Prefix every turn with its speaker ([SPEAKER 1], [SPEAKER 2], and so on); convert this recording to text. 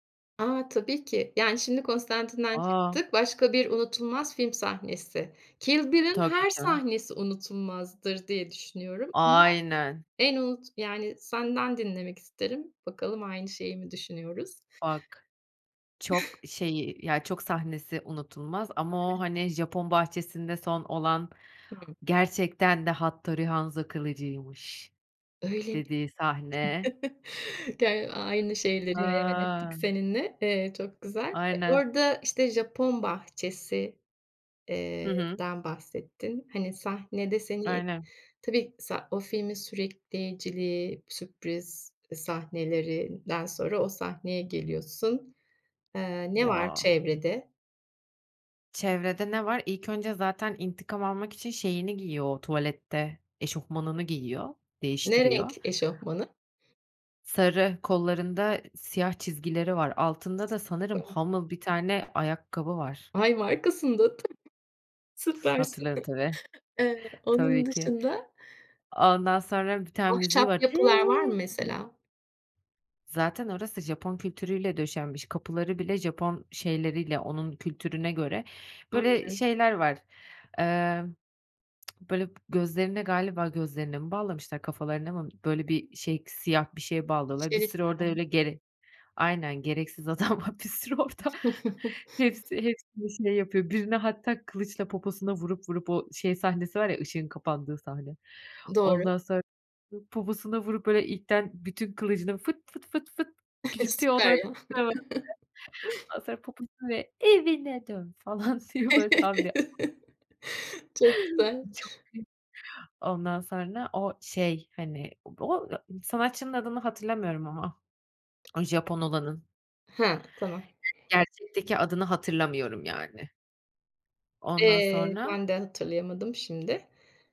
[SPEAKER 1] A, tabii ki. Yani, şimdi Constantine'den
[SPEAKER 2] A!
[SPEAKER 1] çıktık, başka bir unutulmaz film sahnesi. Kill Bill'in
[SPEAKER 2] Tabii,
[SPEAKER 1] her
[SPEAKER 2] canım.
[SPEAKER 1] sahnesi unutulmazdır diye düşünüyorum ama
[SPEAKER 2] Aynen.
[SPEAKER 1] en unut Yani senden dinlemek isterim. Bakalım aynı şeyi mi düşünüyoruz?
[SPEAKER 2] Bak, çok, şeyi, ya, çok sahnesi unutulmaz ama o,
[SPEAKER 1] Evet.
[SPEAKER 2] hani, Japon bahçesinde son olan,
[SPEAKER 1] Hımm.
[SPEAKER 2] "Gerçekten de Hattori Hanzo kılıcıymış."
[SPEAKER 1] Öyle mi?
[SPEAKER 2] dediği sahne.
[SPEAKER 1] Ger aynı şeyleri hayal ettik
[SPEAKER 2] A!
[SPEAKER 1] seninle. Eee, çok güzel. E,
[SPEAKER 2] Aynen.
[SPEAKER 1] orada, işte, Japon bahçesi,
[SPEAKER 2] Hı
[SPEAKER 1] eee,
[SPEAKER 2] hı.
[SPEAKER 1] den bahsettin, hani, sahnede seni
[SPEAKER 2] Aynen.
[SPEAKER 1] Tabii, sa o filmin sürükleyiciliği, sürpriz, eee, sahnelerinden sonra o sahneye geliyorsun. Eee, ne var
[SPEAKER 2] Ya!
[SPEAKER 1] çevrede?
[SPEAKER 2] Çevrede ne var? İlk önce zaten intikam almak için şeyini giyiyor o tuvalette, eşofmanını giyiyor,
[SPEAKER 1] Ne renk
[SPEAKER 2] değiştiriyor.
[SPEAKER 1] eşofmanı?
[SPEAKER 2] Sarı, kollarında siyah çizgileri var. Altında da sanırım
[SPEAKER 1] [unintelligible]
[SPEAKER 2] Hummel bir tane ayakkabı var.
[SPEAKER 1] Ay, markasını da hatı Süpersin.
[SPEAKER 2] Hatırlıyorum, tabii.
[SPEAKER 1] Eee, onun
[SPEAKER 2] Tabii ki.
[SPEAKER 1] dışında
[SPEAKER 2] Ondan sonra bir tane müziği
[SPEAKER 1] Ahşap
[SPEAKER 2] var.
[SPEAKER 1] yapılar var mı mesela?
[SPEAKER 2] Zaten orası Japon kültürüyle döşenmiş; kapıları bile Japon şeyleriyle, onun kültürüne göre.
[SPEAKER 1] Anlıyorum.
[SPEAKER 2] Böyle, şeyler var, eee, böyle, gözlerine galiba gözlerine mi bağlamışlar, kafalarına mı? Böyle bir şey, s siyah bir şey bağlıyorlar. Bir sürü orada
[SPEAKER 1] Şeritler mi?
[SPEAKER 2] öyle gere Aynen, gereksiz adam var bir sürü orada. Hepsi hepsini şey yapıyor. Birine hatta kılıçla poposuna vurup vurup o şey sahnesi var ya, ışığın kapandığı sahne.
[SPEAKER 1] Doğru.
[SPEAKER 2] Ondan sonra poposuna vurup, böyle, ipten bütün kılıcını fıt fıt fıt fıt küçültüyor. O
[SPEAKER 1] Süper
[SPEAKER 2] da [unintelligible]
[SPEAKER 1] ya.
[SPEAKER 2] Ondan sonra poposuna, böyle, "Evine dön!" falan diyor. Böyle, tam bir [unintelligible]
[SPEAKER 1] Çok güzel.
[SPEAKER 2] Çok iyi. Ondan sonra o şey, hani, o o, ya, sanatçının adını hatırlamıyorum ama. O Japon olanın.
[SPEAKER 1] Ha, tamam.
[SPEAKER 2] Gerçekteki adını hatırlamıyorum yani. Ondan
[SPEAKER 1] Eee,
[SPEAKER 2] sonra
[SPEAKER 1] ben de hatırlayamadım şimdi.